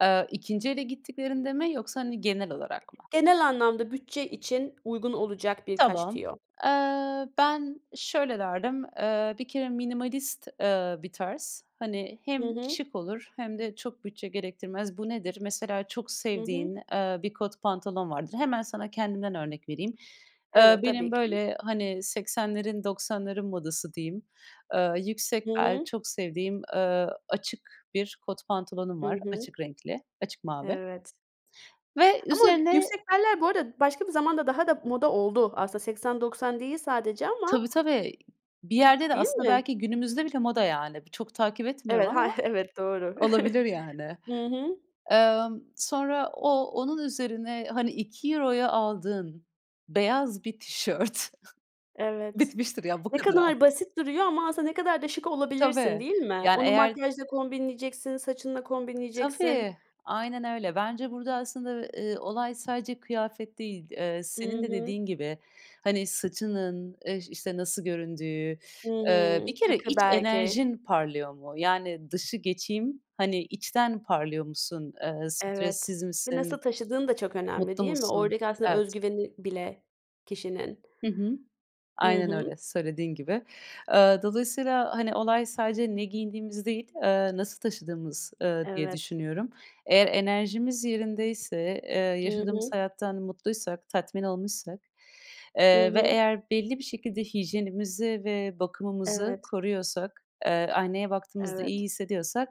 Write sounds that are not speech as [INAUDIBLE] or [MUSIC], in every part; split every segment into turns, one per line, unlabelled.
Eee, 2'nci ele gittiklerinde mi yoksa hani genel olarak mı?
Genel anlamda bütçe için uygun olacak birkaç
Tamam.
tüyo.
Eee, ben şöyle derdim, eee, bir kere minimalist, eee, bir tarz. Hani
Hı
hem
hı.
şık olur hem de çok bütçe gerektirmez. Bu nedir? Mesela çok
Hı
sevdiğin,
hı.
eee, bir kot pantolon vardır. Hemen sana kendimden örnek vereyim: Eee,
Evet,
benim,
tabii ki.
böyle, hani, 80'lerin 90'ların modası diyeyim, eee,
Hı
yüksek bel,
hı.
çok sevdiğim, eee, açık bir kot pantolonum
Hı
var,
hı.
açık renkli, açık mavi.
Evet.
Ve
Ama
üzerine
yüksek beller bu arada başka bir zamanda daha da moda oldu. Aslında 80-90 değil sadece ama.
Tabii, tabii, bir yerde de
Değil
aslında
mi?
belki günümüzde bile moda yani. Bi çok takip etmiyorum
Evet, hay
ama
Evet, doğru.
olabilir
[CHUCKLES]
yani.
Hı hı.
Emm, sonra o onun üzerine, hani, €2'ya aldığın beyaz bir tişört [CHUCKLES]
Evet.
bitmiştir ya, bu
Ne
kadar al.
kadar basit duruyor ama aslında ne kadar da şık olabilirsin,
Tabii,
değil mi?
yani,
Onu
eğer
makyajla kombinleyeceksin, saçınla kombinleyeceksin.
Tabii, aynen öyle. Bence burada aslında, eee, olay sadece kıyafet değil, eee,
I
senin de
hı.
dediğin gibi, hani, saçının, eee, işte, nasıl göründüğü,
Hı
[SUCKS TEETH] ııı, bir
hı.
kere
Takı,
iç
belki.
enerjin parlıyor mu? Yani, dışı geçeyim, hani, içten parlıyor musun? Eee,
Evet
stressiz
ve nasıl
misin?
taşıdığın da çok önemli,
Mutlu
değil mi
musun?
oradaki aslında öz
Evet.
güveni bile kişinin.
Hı hı,
Hı
aynen
hı.
öyle, söylediğin gibi. Eee, dolayısıyla, hani, olay sadece ne giydiğimiz değil, eee, nasıl taşıdığımız, ııı, diye
Evet.
düşünüyorum. Eğer enerjimiz yerindeyse, eee,
Hı
yaşadığımız
hı.
hayattan mutluysak, tatmin olmuşsak,
Hı
eee, ve
hı.
eğer belli bir şekilde hijyenimizi ve bakımımızı
Evet.
koruyorsak, eee, aynaya baktığımızda iyi
Evet.
hissediyorsak,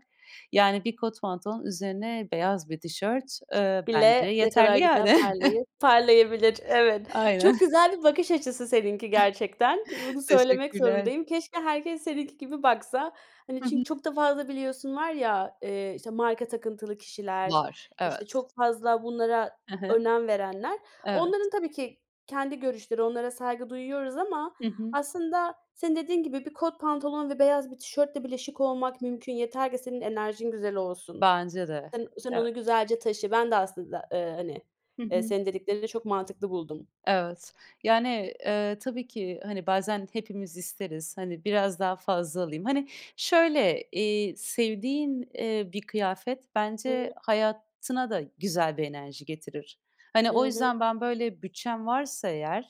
yani, bir kot pantolon, üzerine beyaz bir tişört, eee,
Bile
bence
ne kadar
yeterli
güzel
yani.
parlayı
[CHUCKLES]
parlayabilir. Evet,
Aynen.
çok
[CHUCKLES]
güzel bir bakış açısı seninki gerçekten,
[CHUCKLES]
bunu söylemek
Teşekkürler.
zorundayım. Keşke herkes seninki gibi baksa. Hani,
Hı hı.
çünkü çok da fazla biliyorsun var ya, eee, işte, marka takıntılı kişiler,
Var,
işte
evet.
çok fazla bunlara
Hı hı.
önem verenler.
Evet.
Onların tabii ki kendi görüşleri, onlara saygı duyuyoruz ama
Hı hı.
aslında senin dediğin gibi bir kot pantolon ve beyaz bir tişörtle bile şık olmak mümkün, yeter ki senin enerjin güzel olsun.
Bence de.
Sen sen onu
Evet.
güzelce taşı. Ben de aslında, eee, hani,
Hı
eee,
hı.
senin dediklerini de çok mantıklı buldum.
Evet, yani, eee, tabii ki, hani, bazen hepimiz isteriz. Hani, biraz daha fazla alayım. Hani, şöyle, eee, sevdiğin, eee, bir kıyafet
Hıı.
bence hayatına da güzel bir enerji getirir. Hani, o
Hı hı.
yüzden ben, böyle, bütçem varsa eğer,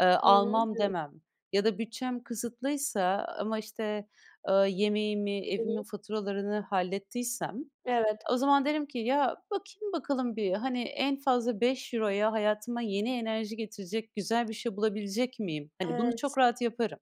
eee,
Hı hı,
almam
evet.
demem ya da bütçem kısıtlıysa ama, işte, eee, yemeğimi,
Hı
evimin
hı.
faturalarını hallettiysem,
Evet.
o zaman derim ki, ya, bakayım bakalım bir, hani, en fazla €5'ya hayatıma yeni enerji getirecek güzel bir şey bulabilecek miyim? Hani, bunu çok
Evet.
rahat yaparım.